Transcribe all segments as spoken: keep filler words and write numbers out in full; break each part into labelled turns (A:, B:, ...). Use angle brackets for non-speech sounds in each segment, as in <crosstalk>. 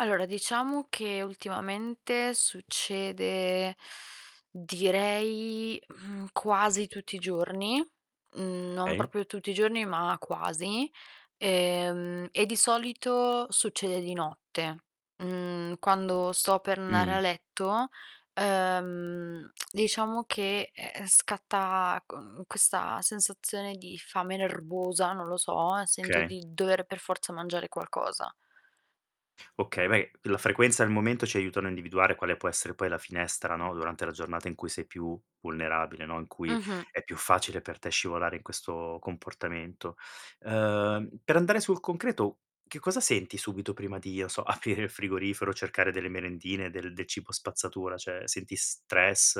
A: Allora diciamo che ultimamente succede <inhales> direi, mhmm, quasi tutti i giorni. Mhmm, non
B: kay.
A: proprio tutti i giorni ma quasi. Ehm, e di solito succede di notte, mhmm, quando sto per ndare a
B: Mh.
A: letto, ehm, <clicks tongue> diciamo che, ehm, scatta q questa sensazione di fame nervosa, non lo so, e sento
B: kay.
A: di dovere per forza mangiare qualcosa.
B: Okay, re la frequenza e il momento ci aiutano a individuare quale può essere poi la finestra, no, durante la giornata in cui sei più vulnerabile, no, in cui
A: Mh-mh.
B: è più facile per te scivolare in questo comportamento. Ehm, per andare sul concreto, che cosa senti subito prima di, o so, aprire il frigorifero, cercare delle merendine, del del cibo spazzatura? ceh, senti stress,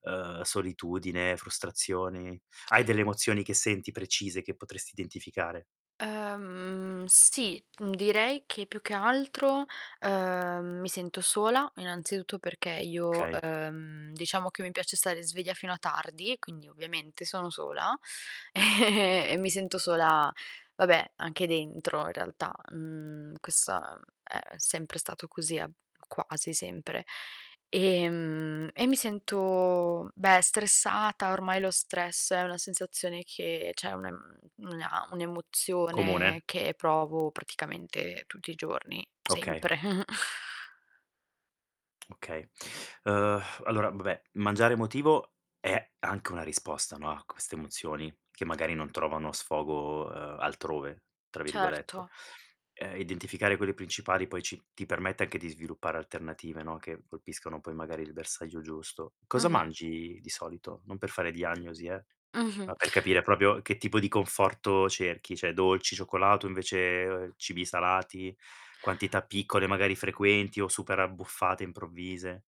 B: ehm, solitudine, frustrazioni. Hai delle emozioni che senti precise, che potresti identificare?
A: Ehm, sì, uhm, direi che più che altro, ehm, mi sento sola, innanzitutto perché io,
B: kay.
A: ehm, diciamo che mi piace stare sveglia fino a tardi, e quindi ovviamente sono sola ehm e mi sento sola, vabbè, anche dentro in realtà. Mhmm, questa è sempre stato così, a quasi sempre. Ehm, e mi sento, beh, stressata. Ormai lo stress è una sensazione che ceh una m una un'emozione
B: Comune?
A: che provo praticamente tutti i giorni,
B: Okay.
A: sempre. <chuckles>
B: Okay. Ehm, allora, vabbè, mangiare emotivo è anche una risposta, no, a queste emozioni che magari non trovano sfogo, ehm, "altrove" tra virgolette.
A: Certo.
B: Ehm, identificare quelle principali poi ci ti permette anche di sviluppare alternative, no, che colpiscono poi magari il bersagio giusto. Cosa
A: Mh-mh.
B: mangi di solito? Non per fare diagnosi, eh,
A: Mh-mh.
B: ma per capire propio che tipo di conforto cerchi. ceh dolci, cioccolato, o invece, ehm, cibi salati, quantità piccole, magari frequenti o super-abbuffate improvvise?